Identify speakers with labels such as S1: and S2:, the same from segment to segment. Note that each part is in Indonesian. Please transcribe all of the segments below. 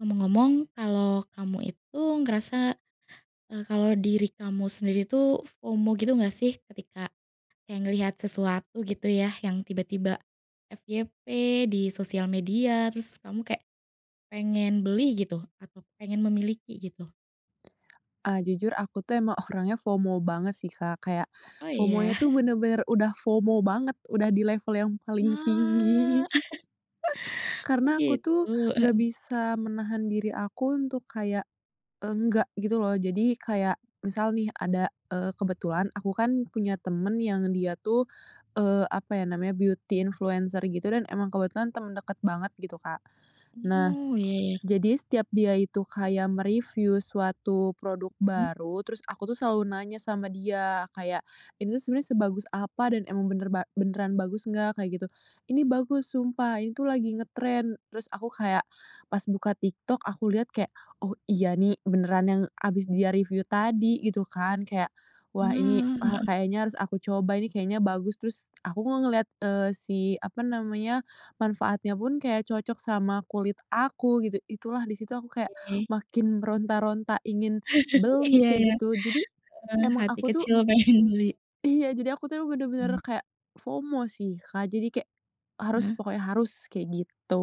S1: Ngomong-ngomong kalau kamu itu ngerasa, eee, kalau diri kamu sendiri tuh FOMO gitu nggak sih? Ketika kayak ngelihat sesuatu gitu ya yang tiba-tiba FYP di sosial media, terus kamu kayak pengen beli gitu atau pengen memiliki gitu?
S2: Ah, jujur aku tuh emang orangnya FOMO banget sih, Kak. Kayak,
S1: Oh iya.
S2: FOMO-nya tuh bener-bener udah FOMO banget udah di level yang paling tinggi.
S1: Wah. Oh
S2: Karena aku
S1: gitu,
S2: tuh nggak
S1: heeh.
S2: bisa menahan diri aku untuk kayak, enggak gitu loh. Jadi kayak misal nih ada eee, kebetulan aku kan punya temen yang dia tuh, eee, apa ya namanya, beauty influencer gitu dan emang kebetulan temen deket banget gitu, Kak. Nah,
S1: Oh, iya iya.
S2: jadi setiap dia itu kayak me-review suatu produk
S1: Hmm.
S2: baru, terus aku tuh selalu nanya sama dia kayak, "Ini tuh sebenernya sebagus apa dan emang bener ba beneran bagus enggak?" Kayak gitu. "Ini bagus sumpah, ini tuh lagi ngetren." Terus aku kayak pas buka TikTok aku lihat kayak, "Oh iya nih beneran yang habis dia review tadi," gitu kan. Kayak, "Wah ini,
S1: Ah,
S2: ah,
S1: heeh.
S2: kayaknya harus aku coba ini kayaknya bagus." Terus aku kok ngelihat, eee, si apa namanya, manfaatnya pun kayak cocok sama kulit aku gitu. Itulah di situ aku kayak
S1: Oke.
S2: makin meronta-ronta ingin beli
S1: Iya iya.
S2: kayak gitu, jadi
S1: Heeh,
S2: emang
S1: hati
S2: aku tuh
S1: kecil pengen beli.
S2: Iya jadi aku tuh emang bener-bener
S1: Mmm.
S2: kayak, FOMO sih, Kak. Jadi kayak, harus
S1: Heeh.
S2: pokoknya harus, kayak gitu.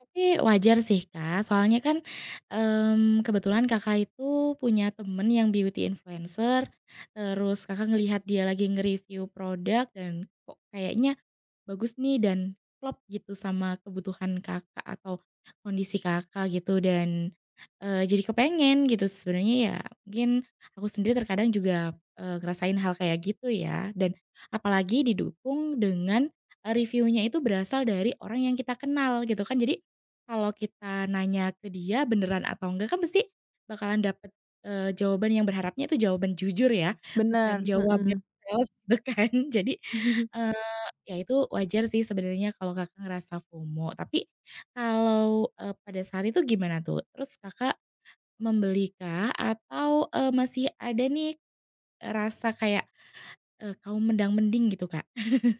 S1: Tapi wajar sih, Kak, soalnya kan, mmm, kebetulan Kakak itu punya temen yang beauty influencer, terus Kakak ngelihat dia lagi nge-review produk dan kok kayaknya bagus nih dan klop gitu sama kebutuhan Kakak atau kondisi Kakak gitu dan, eee, jadi kepengen gitu. Sebenernya ya mungkin aku sendiri terkadang juga, eee, ngerasain hal kayak gitu ya dan apalagi didukung dengan, eee, review-nya itu berasal dari orang yang kita kenal gitu kan, jadi kalau kita nanya ke dia beneran atau enggak kan pasti bakalan dapet, eee, jawaban yang berharapnya itu jawaban jujur ya bukan
S2: Bener,
S1: jawaban
S2: mhm.
S1: itu kan jadi, eee, ya itu wajar sih sebenernya kalau Kakak ngerasa FOMO. Tapi kalau, eee, pada saat itu gimana tuh? Terus Kakak membeli kah atau, eee, masih ada nih, eee, rasa kayak kaum mendang-mending gitu, Kak?